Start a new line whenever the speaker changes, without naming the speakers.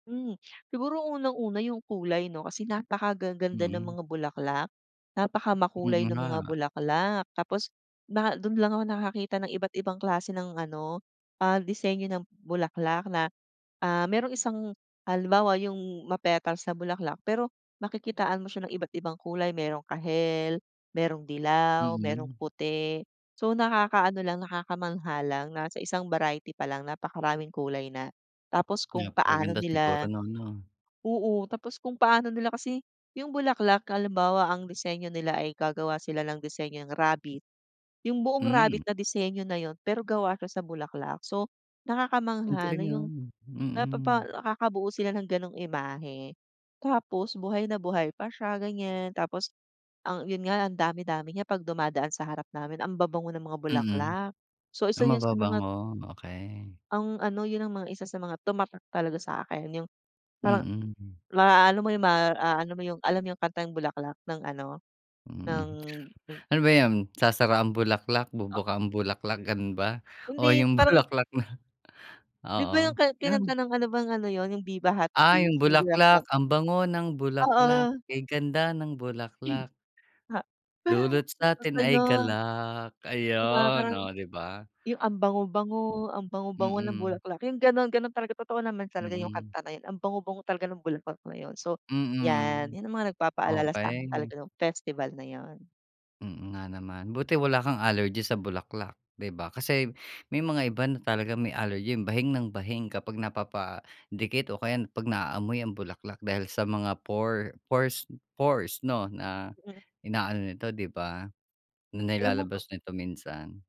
Hmm, siguro unang-una yung kulay, 'no? Kasi napakagaganda ng
Mm.
mga bulaklak,
Mm
napakamakulay ng
nga.
mga bulaklak. Tapos naha do'n lang ako nakakita ng iba't ibang klase ng ano, ah, disenyo ng bulaklak na, ah, merong isang halimbawa yung ma-petals na bulaklak, pero makikitaan mo siya ng iba't ibang kulay mayroong kahel, merong dilaw, merong
Mm.
puti. So, nakakaano lang nakakamangha lang na sa isang variety pa lang napakaraming kulay na tapos kung paano
Napakaganda siguro
nila
no'n, 'no?
oo, tapos kung paano nila kasi yung bulaklak halimbawa ang disenyo nila ay gagawa sila ng disenyong rabbit. Yung buong rabbit
Hmm.
na disenyo na yun pero gawa siya sa bulaklak so,
Ang
nakakamangha na
galing
yung,
no'n,
napapa
mm.
nakakabuo sila ng gano'ng imahe. Tapos buhay na buhay pa siya ganyan tapos ang yun nga ang dami-dami niya pag dumadaan sa harap namin ang babango ng mga
Mm,
bulaklak. So,
ah,
isa yun sa mga
mababango? Okey.
Ang ano yun ang mga isa sa mga tumatak talaga sa'kin yung parang
Mm, hmm.
ma-aano mo yung ma-aano mo yung alam niyo kantang Bulaklak ng ano
Hmm,
ng hmm.
ano ba yan sasara ang bulaklak,
Oh.
bubuka ang bulaklak gano'n ba?
Hindi
O
d
yung
parang
bulaklak na?
'Di ba, yung
Oo,
ka
nam
kinanta nung ano bang ano yun yung Viva Hot
Ah,
Babes
yung
yung
bulaklak
Bulaklak.
ang bango ng bulaklak
Oo.
kay ganda ng bulaklak dulot satin
Basta
ay
yun.
galak
'Di ba
ayun,
parang
oh, 'di ba?
yung ang bango-bango, ang bango-bango ng
Mm.
bulaklak yung gano'n, gano'n talaga totoo naman talaga yung
Mm.
kanta na yun ang bango-bango talaga ng bulaklak na yun. So, 'yan
Mm,
'yan ang mga nagpapaalala sa akin talaga
okey.
nong festival na yun.
Mm, nga naman buti wala kang allergy sa bulaklak, 'di ba? Kasi may mga iba na talagang may allergy bahing ng bahing kapag napapadikit o kaya pag na-aamoy ang bulaklak dahil sa mga por porse pores, 'no? Na
Mm.
inaano ito, 'di ba? Na
Alam mo to
ilalabas nito minsan?